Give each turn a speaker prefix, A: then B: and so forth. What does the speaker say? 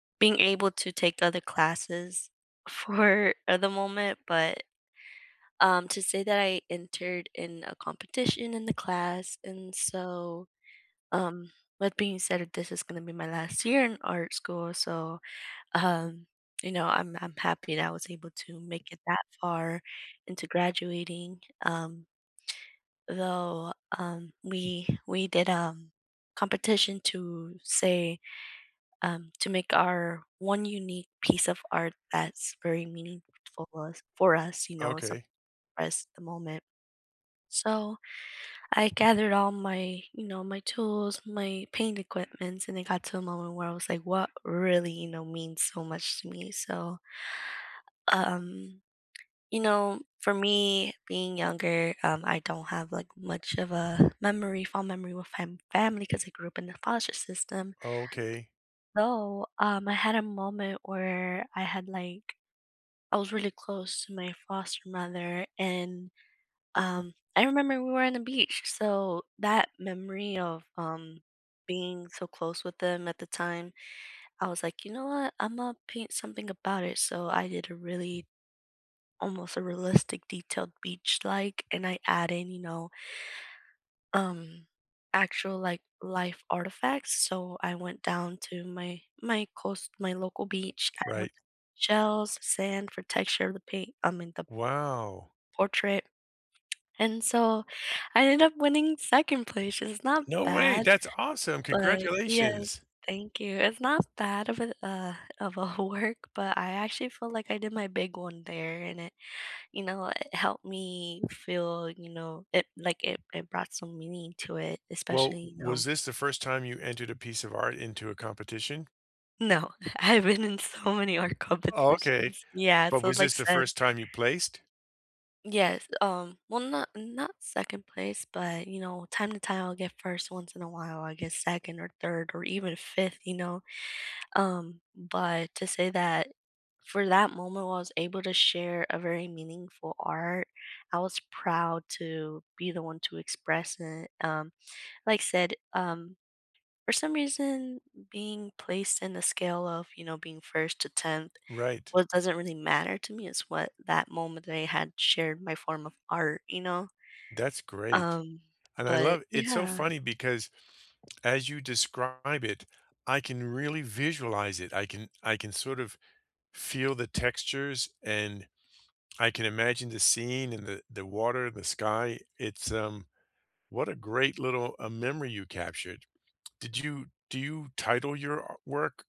A: Being able to take other classes 4 at the moment, but, um, to say that I entered in a competition in the class, and so, um, that being said that this is gonna be my last year in art school, so, um, you know, I'm I'm happy that I was able to make it that far into graduating, um though, um, we we did, um, competition to say, um, to make our 1 unique piece of art that's very meaningful us for us, you know, as some
B: Okay.
A: as the moment. So I gathered all my you know, my tools, my paint equipments, and it got to a moment where I was like, "What really, you know, means so much to me?" So u um, you know, for me being younger, um, I don't have, like, much of a memory fond memory with my fam family ‘cause I grew up in the foster system
B: Oh, okay.
A: so, um, I had a moment where I had, like I was really close to my foster mother, and, um, I remember we were on the beach, so that memory of, um, being so close with them at the time, I was like, "You know what? Imma paint something about it, so I did a really almost a realistic detailed beach, like, and I add in, you know um, actual, like, life artifacts, so I went down to my my coast my local beach, I wanted
B: Right.
A: shells, sand for texture of the paint I mean, the
B: Wow.
A: portrait. And so I ended up winning 2nd place, it's not
B: No way,
A: bad,
B: that's awesome.
A: but Yes.
B: Congratulations.
A: Thank you. It's not bad of a, uh of a work, but I actually feel like I did my big one there, and it, you know, it helped me feel you know, it like, it it brought some meaning to it, especially,
B: Well,
A: you
B: was
A: know
B: this the first time you entered a piece of art into a competition?
A: No. I've been in so many art
B: Oh, okay.
A: competitions. Yeah,
B: But
A: so,
B: was
A: like,
B: this the
A: said
B: first time you placed?
A: Yes, um well, not not 2nd place, but, you know, time to time will get 1st once in a while, I get 2nd or 3rd or even 5th, you know? Um, but to say that for that moment, while I was able to share a very meaningful art, I was proud to be the one to express it. Um, like said, um, for some reason, being placed in the scale of, you know, being 1st to 10th,
B: Right.
A: well, it doesn't really matter to me, it's what that moment that I had shared my form of art, you know?
B: That's great.
A: Um,
B: And I
A: but
B: love it's so
A: yeah.
B: funny because as you describe it, I can really visualize it, I can I can sort of feel the textures, and I can imagine the scene in the the water, the sky. It's, um what a great little, uh, memory you captured. Did you do you title your a work?